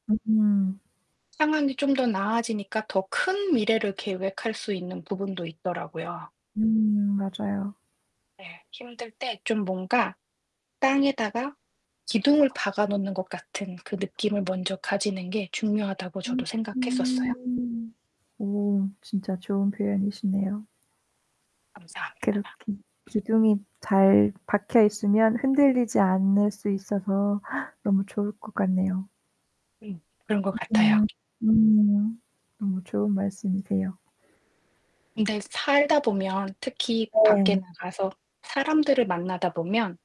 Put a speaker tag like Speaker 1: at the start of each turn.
Speaker 1: 으음.
Speaker 2: 상황이 좀 더 나아지니까 더 큰 미래를 계획할 수 있는 부분도 있더라고요.
Speaker 1: 음 맞아요.
Speaker 2: 네. 힘들 때 좀 뭔가 땅에다가 기둥을 박아 놓는 것 같은 그 느낌을 먼저 가지는 게 중요하다고
Speaker 1: 음
Speaker 2: 저도 생각했었어요.
Speaker 1: 오. 오 진짜 좋은 표현이시네요. 그렇게
Speaker 2: 감사합니다.
Speaker 1: 기둥이 잘 박혀 있으면 흔들리지 않을 수 있어서 너무 좋을 것 같네요.
Speaker 2: 음 그런 것 같아요.
Speaker 1: 으음. 음. 너무 좋은 말씀이세요.
Speaker 2: 근데 살다 보면 특히 밖에
Speaker 1: 네.
Speaker 2: 나가서 사람들을 만나다 보면